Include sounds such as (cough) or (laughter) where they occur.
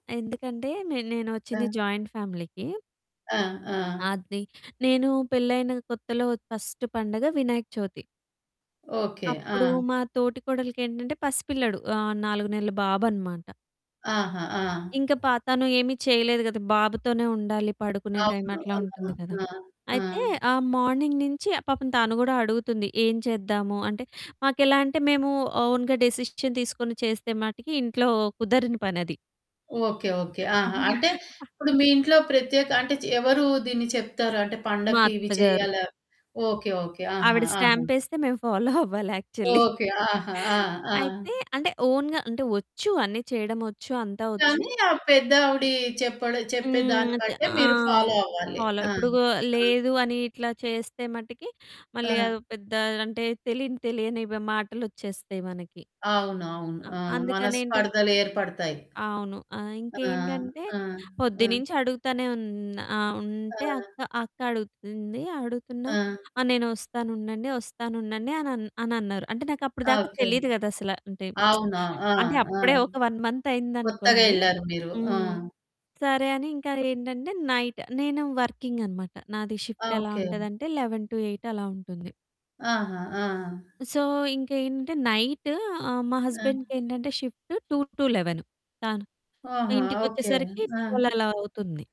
ఎందుకంటే నే నేనొచ్చింది ఆ! జాయింట్ ఫ్యామిలీకి. ఆ! ఆ! అది. నేను పెళ్ళైన కొత్తలో ఫస్ట్ పండుగ వినాయక చవితి. ఓకే. అప్పుడు ఆ! మా తోటి కోడలికేంటంటే పసి పిల్లాడు. ఆహ్, 4 నెలల బాబనమాట. ఆహా! ఆ! ఇంకా పా తను ఏమి చేయలేదు గదా. బాబుతోనే ఉండాలి, పడుకునే టైమ్ అవును. అట్లా ఆ! ఉంటుంది గదా. ఆ! ఆ! అయితే ఆ మార్నింగ్ నుంచి పాపం తను కూడా అడుగుతుంది, "ఏం చేద్దాము?" అంటే మాకెలా అంటే, మేము ఓన్‌గా డిసిషన్ తీసుకొని చేస్తే మటికి ఇంట్లో కుదరని పని అది. Okay, okay. ఆహా! అవును. అంటే ఇప్పుడు మీ ఇంట్లో ప్రత్యేక అంటే చ ఎవరు దీన్ని చెప్తారు? అంటే మా పండక్కి ఇవి అత్తగారు. చెయ్యాలా ఓకే ఓకే. ఆహా! ఆవిడ ఆహా! స్టాంపేస్తే మేము ఫాలో అవ్వాలి యాక్చువలి. ఓకే. ఆహా! ఆ! ఆ! అయితే అంటే ఓన్‌‌గా అంటే ఒచ్చు అన్ని చేయడం ఒచ్చు అంతా ఒచ్చు. కానీ ఆ పెద్దావిడి చెప్పడం చెప్పేదాన్ని హ్మ్. అద్ బట్టే మీరు ఆహ్, ఫాలో అవ్వాలి. ఫాలో ఆ! ఇప్పుడు ఆ! లేదు అని ఇట్లా చేస్తే మటికి మళ్ళీ ఆ! అదో పెద్ద అంటే తెలియని తెలియని మాటలొచ్చేస్తాయి మనకి. అవును. అవును. ఆ! ఆ! అందుకనేంటంటే మనస్పర్ధలు ఏర్పడతాయి. అవును. ఆహ్, ఆ! ఇంకేంటంటే ఆ! ఆ! పొద్దున్నుంచి అడుగుతానే ఉన్ ఆ ఉంటే ఆ! అక్క, అక్క అడుగుతుంది. అడుగుతున్నా ఆ! ఆ! నేనొస్తాను ఉండండి ఒస్తానుండండి అని అని అన్నారు. అంటే నాకు అప్పటిదాకా ఓకే. తెలీదు కదా అసల అంటే అవునా? (smacks lips) ఆ! అంటే ఆ! అప్పుడే ఒక 1 మంత్ కొత్తగా అయిందనుకోండి. ఎళ్లారు మీరు. ఆ! హ్మ్ సరే అని ఇంకా ఏంటంటే నైట్ నేను వర్కింగ్ అన్నమాట నాది షిఫ్ట్ ఎలా ఓకే. ఉంటది అంటే 11-8 అలా ఉంటుంది. ఆహా! ఆ! సో, ఇంకేంటి అంటే నైట్ ఆహ్, మా ఆ! హస్బెండ్‌కేంటంటే షిఫ్ట్ 2-11 తను ఆహా! ఇంటికి ఓకే. వచ్చేసరికి 12 ఆ! అలా అవుతుంది.